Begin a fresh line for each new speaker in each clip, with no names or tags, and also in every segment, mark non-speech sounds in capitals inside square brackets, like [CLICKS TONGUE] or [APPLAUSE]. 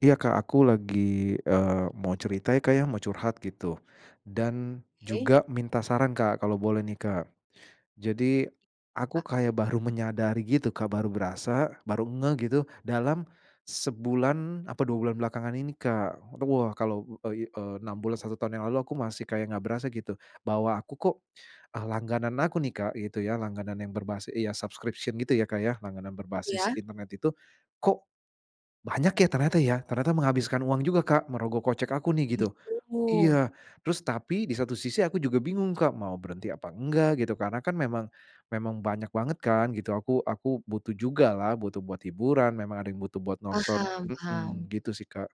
Iya Kak aku lagi, eee, mau cerita ya Kak ya mau curhat gitu dan
Oke.
juga minta saran Kak kalau boleh nih Kak. Jadi aku
A
kayak baru menyadari gitu Kak, baru berasa, baru ngeh gitu, dalam sebulan apa 2 bulan belakangan ini Kak. Te wah kalau, eee, i eee, 6 bulan, 1 tahun yang lalu aku masih kayak enggak berasa gitu, bahwa aku kok, eee, langganan aku nih Kak gitu ya, langganan yang berbasi iya subscription gitu ya Kak ya, langganan berbasis
Ya.
internet itu, kok banyak ya, ternyata ya. Ternyata menghabiskan uang juga Kak merogoh kocek aku
Oh
nih gitu.
gitu.
Iya terus tapi di satu sisi aku juga bingung Kak, mau berhenti apa enggak gitu. Karena kan memang memang banyak banget kan gitu, aku aku butuh juga lah butuh buat hiburan. Memang ada yang butuh buat nonton
Paham
mhm
paham.
gitu sih Kak.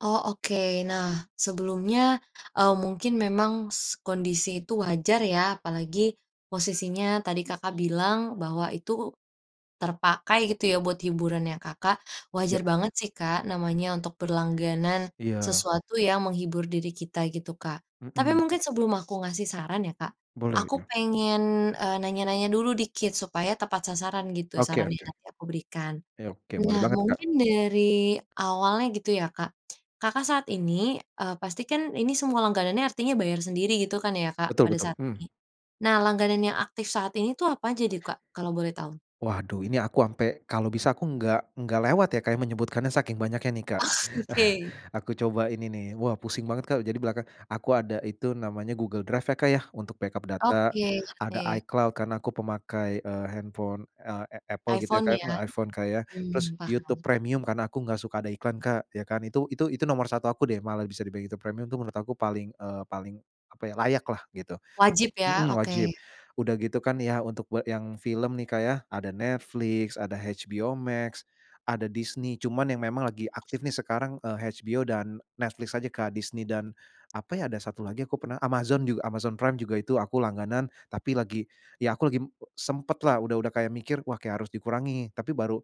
Oh. Oke. Nah, sebelumnya, eee, mungkin memang s kondisi itu wajar ya, apalagi posisinya tadi Kakak bilang bahwa itu terpakai gitu ya buat hiburannya Kakak.
Iya.
Wajar banget sih Kak, namanya untuk berlangganan
Iya.
sesuatu yang menghibur diri kita gitu Kak. Tapi
Mhm.
mungkin sebelum aku ngasih saran ya Kak,
Boleh
aku
ya.
pengen, eee, nanya-nanya dulu dikit supaya tepat sasaran gitu
Oke
saran yang
oke.
nanti aku berikan.
Oke oke, boleh
Nah
banget Kak.
mungkin dari awalnya gitu ya Kak. Kakak saat ini, eee, pasti kan ini semua langganannya artinya bayar sendiri gitu kan ya Kak,
Betul
pada
betul,
saat
mmm.
ini. Nah langganan yang aktif saat ini itu apa aja deh Kak kalau boleh tahu?
Waduh ini aku ampe kalau bisa aku enggak enggak lewat ya Kak, ya, menyebutkannya saking banyaknya nih
Oh
Kak. [CHUCKLES]
oke.
Aku coba ini nih. Wah pusing banget Kak. Jadi belakang aku ada itu namanya Google Drive ya Kak ya, untuk backup data
Oke.
ada
ngerti.
iCloud karena aku pemakai, eee, handphone, eee, a Apple gitu ya
iPhone
Kak
ya,
iPhone Kak ya, terus
mmm,
YouTube
paham.
Premium karena aku enggak suka ada iklan Kak ya kan, Itu itu itu nomor 1 aku deh malah bisa di bilang YouTube Premium itu menurut aku paling, eee, paling apa ya, layak lah gitu.
Wajib ya.
Mhm, wajib.
Oke.
Udah gitu kan ya untuk we yang film nih Kak ya, ada Netflix, ada HBO Max, ada Disney. Cuman yang memang lagi aktif nih sekarang, eee, HBO dan Netflix aja Kak. Disney dan apa ya, ada 1 lagi aku pernah Amazon juga, Amazon Prime juga itu aku langganan, tapi lagi ya aku lagi m e sempet lah udah udah kayak mikir, wah harus dikurangi tapi baru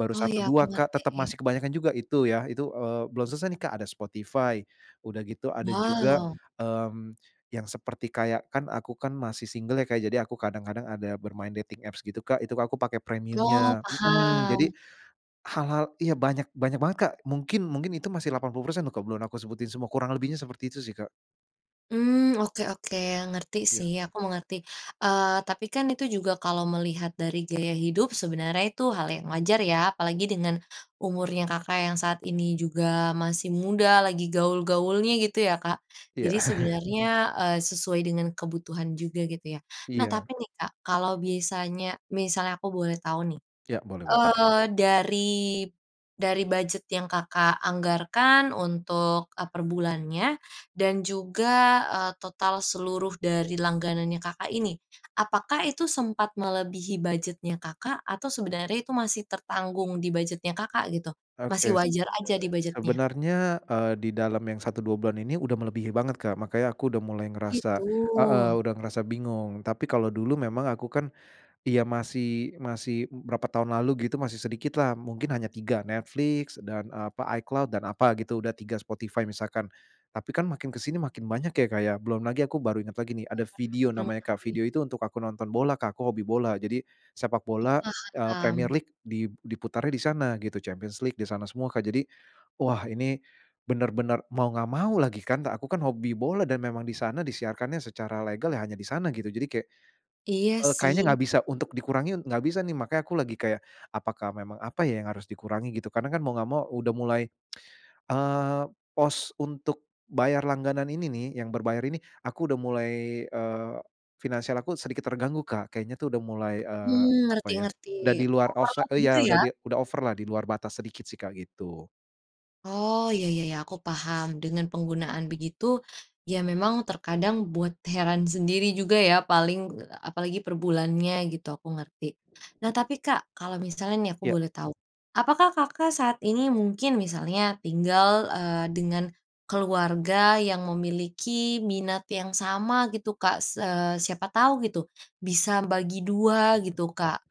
baru
Oh.
satu,
Iya, aku
dua Kak, tetep
ngerti.
masih kebanyakan juga itu ya, itu, eee, belum selesai nih Kak ada Spotify. Udah gitu ada juga,
Wow.
mmm, yang seperti kayak kan aku kan masih single ya Kak. Jadi aku kadang-kadang ada bermain dating apps gitu Kak, itu ka aku pakai
Oh
premiumnya. Mhm.
paham.
Jadi hal-hal ya banyak banyak banget Kak. Mungkin mungkin itu masih 80% loh ke belum aku sebutin semua, kurang lebihnya seperti itu sih Kak.
Mmm. Oke oke, ngerti
Ya.
sih, aku mengerti. Eee, tapi kan itu juga kalau melihat dari gaya hidup sebenarnya itu hal yang wajar ya. Apalagi dengan umurnya Kakak, yang saat ini juga masih muda, lagi gaul-gaulnya gitu ya, Kak.
Iya.
Jadi
[LAUGHS]
sebenarnya, eee, sesuai dengan kebutuhan juga gitu ya. Nah,
Iya.
tapi nih, Kak, kalau bisanya misalnya aku boleh tahu nih,
Ya boleh boleh.
eee, dari, dari budget yang Kakak anggarkan untuk, e perbulannya dan juga, eee, total seluruh dari langganannya Kakak, ini. Apakah itu sempat melebihi budgetnya Kakak atau sebenarnya itu masih tertanggung di budgetnya Kakak gitu. Masih
Oke. Sebe
wajar aja di budget-nya?
sebenernya, eee, di dalam yang 1, 2 bulan ini udah melebihi banget, Kak. Makanya aku udah mulai
Gitu.
ngerasa heeh, udah ngerasa bingung. Tapi kalau dulu memang aku kan iya masih masih b berapa tahun lalu gitu masih sedikit lah. Mungkin hanya 3, Netflix dan apa, iCloud dan apa gitu, udah 3 Spotify misalkan. Tapi kan makin ke sini makin banyak ya, Kak, ya belum lagi aku baru inget lagi nih, ada
Enggak
Vidio
pernah, oh
namanya,
bener
Kak.
sih.
Vidio itu untuk aku nonton bola, Kak, aku hobi bola. Jadi sepak
Oh,
bola, eee, Premier
paham.
League di diputarnya di sana gitu. Champions League di sana semua Kak. Jadi wah, ini bener-bener mau enggak mau lagi kan, Kak, aku kan hobi bola dan memang di sana disiarkannya secara legal, ya hanya di sana gitu jadi kayak
Iya
eee, kayaknya
sih.
nggak bisa untuk dikurangi enggak bisa nih. Makanya aku lagi kayak apakah memang apa ya, yang harus dikurangi gitu. Karena kan mau nggak mau udah mulai, [TSK] eee, pos untuk untuk bayar langganan ini nih, yang berbayar ini, aku udah mulai, eee, finansial aku sedikit terganggu, Kak, kayaknya tuh udah mulai, eee,
Mmm,
apa ya,
ngerti-ngerti
udah di luar offsi
overload gitu
ya udah
ya?
di udah over lah di luar batas sedikit sih, Kak, gitu.
Oh, ya ya ya, aku paham. Dengan penggunaan begitu, ya memang terkadang buat heran sendiri juga ya, paling eee, apalagi per bulannya gitu, aku ngerti. Nah tapi, Kak, kalau misalnya nih aku
Ya.
boleh tahu, apakah Kakak saat ini mungkin misalnya, tinggal, eee, dengan keluarga yang memiliki minat yang sama gitu, Kak? Se siapa tahu gitu, bisa bagi 2 gitu, Kak.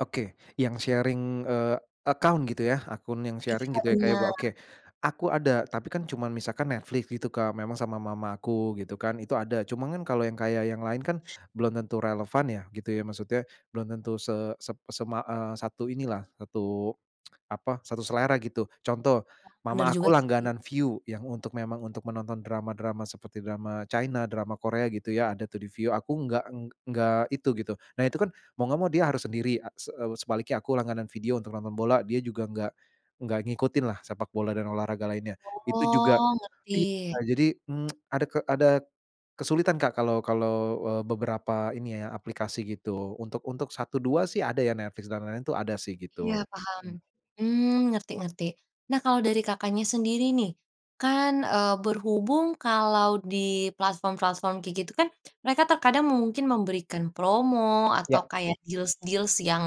Oke, yang sharing, eee, account gitu ya, akun yang
Iya,
sharing, gitu ya, Kak, ya, bo
benar.
oke, aku ada, tapi kan cuman misalkan Netflix gitu, Kak, memang sama mama aku, gitu kan, itu ada. Cuman kan kalau yang kayak yang lain kan belum tentu relevan ya, gitu ya. Maksudnya belum tentu se sep sema eee, satu ini lah, satu, [TSK] apa, satu selera, gitu. Contoh,
Oh, benar
mama
juga
aku
sih.
langganan Viu, yang untuk memang untuk menonton drama-drama seperti drama China, drama Korea, gitu ya, ada tuh di Viu. Aku enggak eng enggak itu, gitu. Nah itu kan, mau enggak mau dia harus sendiri a se sebaliknya aku langganan Vidio untuk nonton bola, dia juga nggak nggak ngikutinlah sepak bola dan olahraga lainnya. Itu juga
Oh, ngerti.
iya, jadi, mmm, [TSK] ada ke ada kesulitan, Kak, kalau kalau, eee, beberapa ini ya, aplikasi gitu. Untuk untuk satu dua sih ada ya, Netflix dan lain-lain itu ada sih,
Iya
gitu.
paham,
Mmm.
mmm, ngerti ngerti. Nah kalau dari Kakaknya sendiri nih, kan, eee, berhubung kalau di platform-platform kayak gitu kan, mereka terkadang mungkin memberikan promo
Ya.
atau kayak deals-deals yang,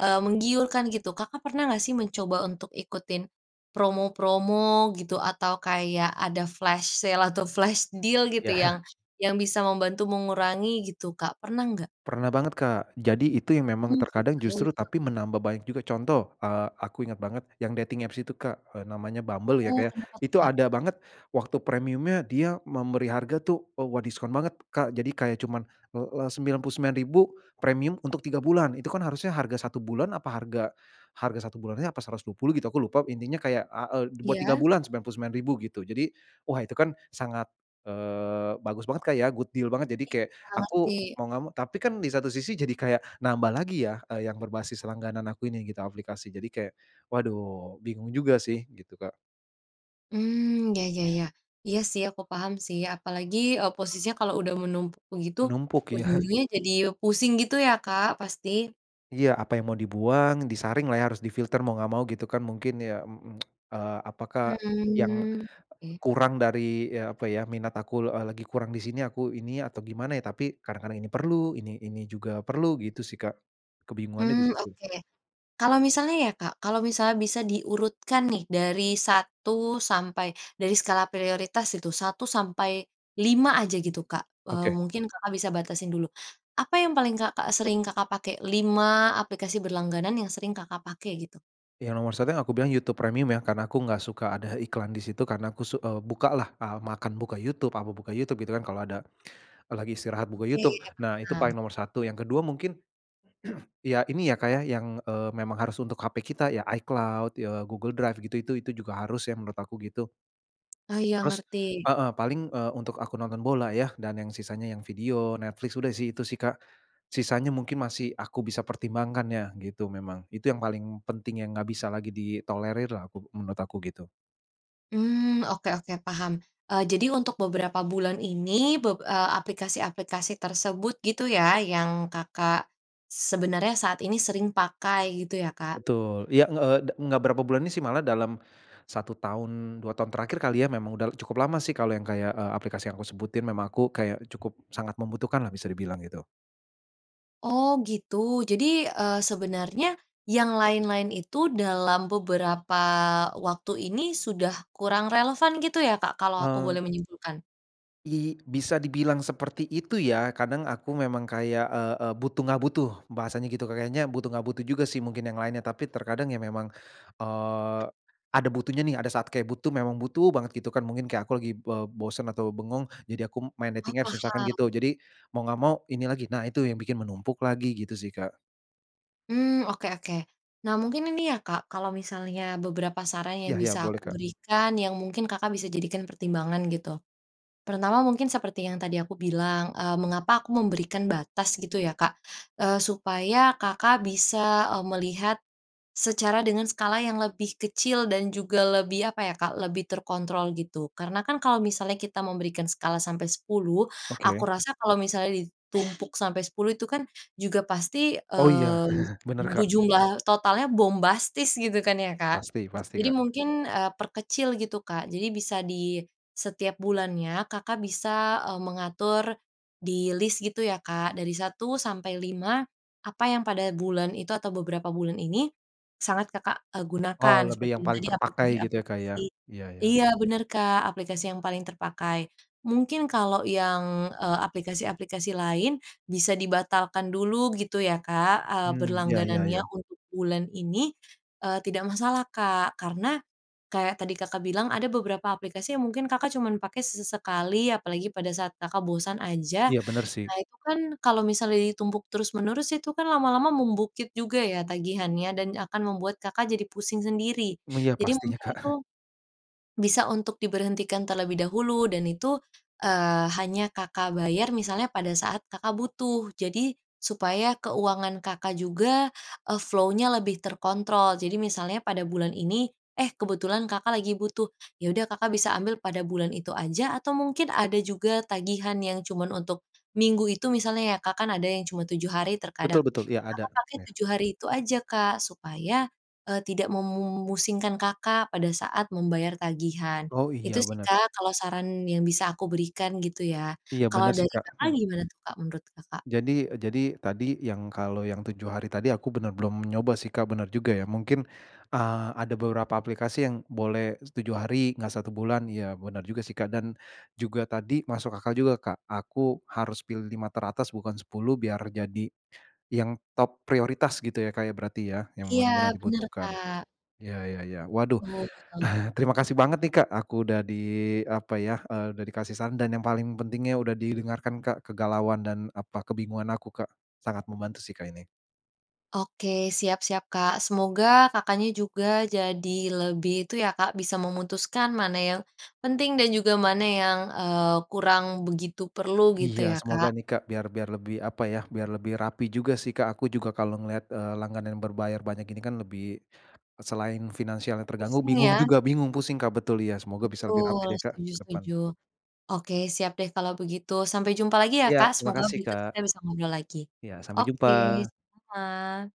eee, menggiurkan, gitu. Kakak pernah nggak sih mencoba untuk ikutin promo-promo, gitu? Atau kayak ada flash sale, atau flash deal gitu,
Ya.
yang
[CHUCKLES]
yang bisa membantu mengurangi gitu, Kak, pernah nggak?
Pernah banget, Kak. Jadi itu yang memang
Oh,
terkadang justru
gitu.
tapi menambah banyak juga. Contoh, eee, aku inget banget yang dating apps itu, Kak, eee, namanya Bumble ya,
Oh,
Kak, ya.
kenapa tuh,
Itu
Kak?
ada banget, waktu premiumnya dia memberi harga tuh, eee, wah diskon banget, Kak. Jadi kayak cuman, eee, e Rp99.000, premium untuk 3 bulan. Itu kan harusnya harga 1 bulan, apa harga harga 1 bulannya apa Rp120.000 gitu, aku lupa. Intinya kayak a eee, buat 3
Iya.
bulan Rp99.000, gitu. Jadi, wah itu kan sangat, eee, bagus banget, Kak, ya, good deal banget. Jadi kayak,
Iya,
aku
ngerti.
mau enggak mau, tapi kan di satu sisi jadi kayak nambah lagi ya, eee, yang berbasis langganan aku ini gitu, aplikasi. Jadi kayak, waduh bingung juga sih, gitu, Kak.
Mmm, ya ya ya. Iya sih, aku paham sih. Apalagi e posisinya kalo udah menumpuk begitu,
Menumpuk, ya. [CHUCKLES]
ujung-ujungnya jadi pusing gitu ya, Kak, pasti.
Iya, apa yang mau dibuang, disaring lah ya, harus difilter mau enggak mau, gitu kan. Mungkin ya, m m [CLICKS TONGUE] e apakah yang
Mmm, oke.
kurang dari ya, apa ya, minat aku e lagi kurang di sini, aku ini atau gimana ya. Tapi kadang-kadang ini perlu, ini ini juga perlu, gitu sih, Kak. Kebingungannya di
Mmm,
situ.
oke. Kalau misalnya ya, Kak. Kalau misalnya bisa diurutkan nih dari 1 sampai, dari skala prioritas itu, 1 - 5 aja gitu, Kak. Eee,
Oke.
mungkin Kakak bisa batasin dulu. Apa yang paling Kakak sering Kakak pakai, 5 aplikasi berlangganan yang sering Kakak pakai, gitu?
Yang nomor 1 yang aku bilang YouTube Premium ya, karena aku enggak suka ada eh iklan di situ karena aku su e buka lah, e makan buka YouTube, apa buka YouTube, gitu kan. Kalo ada kalo lagi istirahat buka
Oke,
YouTube. Nah, itu paling
paham.
nomor 1. Yang kedua mungkin, [CLEARS THROAT] ya ini ya, Kak, ya, yang e memang harus untuk HP kita ya, iCloud, ya Google Drive, gitu itu itu juga harus ya menurut aku, gitu.
Ah, iya,
Haus
ngerti.
Heeh, paling e untuk aku nonton bola ya dan yang sisanya yang Vidio, Netflix, udah sih itu sih, Kak. Sisanya mungkin masih aku bisa pertimbangkan ya, gitu memang. Itu yang paling penting yang enggak bisa lagi ditolerir lah aku menurut aku gitu.
Hmm, oke oke, paham. Eee, jadi untuk beberapa bulan ini, beb eee, aplikasi-aplikasi tersebut, gitu ya, yang Kakak sebenarnya saat ini sering pakai, gitu ya Kak?
Betul, Ya, nge eee, da enggak berapa bulan ini sih malah dalam 1 tahun, 2 tahun terakhir kali ya, memang udah cukup lama sih, kalau yang kayak, eee, aplikasi yang aku sebutin, memang aku kayak cukup sangat membutuhkanlah, bisa dibilang gitu.
Oh gitu. Jadi, eee, sebenernya yang lain-lain itu dalam beberapa waktu ini, sudah kurang relevan gitu ya Kak, kalau aku
Eee
boleh menyimpulkan?
I bisa dibilang seperti itu ya. Kadang aku memang kayak, eee eee, butuh enggak butuh, bahasanya gitu. Kayaknya butuh enggak butuh juga sih mungkin yang lainnya. Tapi terkadang ya memang, eee, ada butuhnya nih. Ada saat kayak butuh, memang butuh banget, gitu kan. Mungkin kayak aku lagi be bosen atau bengong, jadi aku main
Oh,
dating apps, misalkan gitu.
paham.
Jadi mau enggak mau, ini lagi. Nah itu yang bikin menumpuk lagi, gitu sih Kak.
Mmm, oke oke. Nah mungkin ini ya Kak, kalau misalnya beberapa saran
Iya
yang
iya,
bisa
boleh
aku
Kak.
berikan, yang mungkin Kakak bisa jadikan pertimbangan, gitu. Pertama, mungkin seperti yang tadi aku bilang, eee, mengapa aku memberikan batas gitu ya Kak, eee, supaya Kakak bisa, eee, melihat secara dengan skala yang lebih kecil dan juga lebih, apa ya kak, lebih terkontrol, gitu. Karena kan kalau misalnya kita memberikan skala sampai 10, aku
Oke.
rasa kalau misalnya ditumpuk sampai 10 itu kan juga pasti,
Oh, iya,
eee,
[CHUCKLES] benar
bu
Kak.
jumlah totalnya bombastis, gitu kan ya Kak?
Pasti pasti
Jadi
Kak.
mungkin, eee, perkecil, gitu Kak. Jadi bisa di setiap bulannya, Kakak bisa, eee, mengatur di list gitu ya, Kak, dari 1 sampai 5, apa yang pada bulan itu atau beberapa bulan ini, sangat Kakak, eee,
Oh,
gunakan
lebih
seperti
yang
yang
paling
tadi
terpakai gitu ya Kak, ya?
aplikasi-aplikasi
Iya iya.
iya benar Kak, aplikasi yang paling terpakai. Mungkin kalau yang, eee, aplikasi-aplikasi lain bisa dibatalkan dulu, gitu ya Kak, eee,
Hmm, ya ya
berlangganannya
ya.
untuk bulan ini, eee, tidak masalah Kak. Karena, kayak tadi Kakak bilang, ada beberapa aplikasi yang mungkin Kakak cuman pakai sesekali, apalagi pada saat Kakak bosan aja.
Iya, benar sih.
Nah, itu kan kalau misalnya ditumpuk terus-menerus, itu kan lama-lama membukit juga ya tagihannya, dan akan membuat Kakak jadi pusing sendiri.
Mmm, iya
Jadi
pastinya
mungkin
Kak.
itu,
[CHUCKLES]
bisa untuk diberhentikan terlebih dahulu, dan itu, eee, hanya Kakak bayar misalnya pada saat Kakak butuh. Jadi, supaya keuangan Kakak juga, eee, flow-nya lebih terkontrol. Jadi misalnya pada bulan ini, eh kebetulan Kakak lagi butuh, ya udah Kakak bisa ambil pada bulan itu aja, atau mungkin ada juga tagihan yang cuman untuk minggu itu misalnya ya, Kak, kan ada yang cuman 7 hari terkadang,
Betul betul, iya,
ya
ada.
Kakak pakai
Ya.
7 hari itu aja Kak, supaya, eee, tidak memusingkan Kakak pada saat membayar tagihan.
Oh, iya
Itu sih
benar.
Kak kalau saran yang bisa aku berikan, gitu ya.
Iya,
Kalau
benar sih
dari
Kak.
Kakak,
Mmm.
gimana tuh Kak, menurut Kakak?
Jadi eee, jadi tadi yang kalau yang 7 hari tadi, aku bener belum nyoba sih Kak. Bener juga ya, mungkin, eee, ada beberapa aplikasi yang boleh 7 hari, enggak 1 bulan. Iya, bener juga sih Kak. Dan juga tadi masuk akal juga Kak, aku harus pilih 5 teratas bukan 10 biar jadi yang top prioritas gitu ya Kak ya, berarti ya, yang
Iya,
bener-bener
benar
dibutuhkan.
Kak.
Iya iya iya. Waduh,
Oh.
[CHUCKLES] terima kasih banget nih Kak, aku udah di apa ya, eee, udah dikasih saran dan yang paling pentingnya udah didengarkan Kak, kegalauan dan apa, kebingungan aku Kak. Sangat membantu sih Kak, ini.
Oke, siap siap Kak. Semoga Kakaknya juga jadi lebih itu ya Kak, bisa memutuskan mana yang penting dan juga mana yang, eee, kurang begitu perlu, gitu
Iya,
ya
semoga
Kak.
nih Kak, biar biar lebih apa ya, biar lebih rapi juga sih, Kak. Aku juga kalau ngelihat, eee, langganan yang berbayar banyak ini kan lebih selain finansial yang terganggu,
Pusing
bingung
ya?
juga, bingung, pusing Kak, betul iya. Semoga bisa lebih rapi
Betul,
deh Kak,
setuju
ke depan.
setuju. Oke, siap deh kalau begitu. Sampai jumpa lagi ya
Iya,
Kak.
terima
Semoga
kasih
berikut
Kak.
kita bisa ngobrol lagi.
Ya, sampai
Oke,
jumpa.
sama-sama.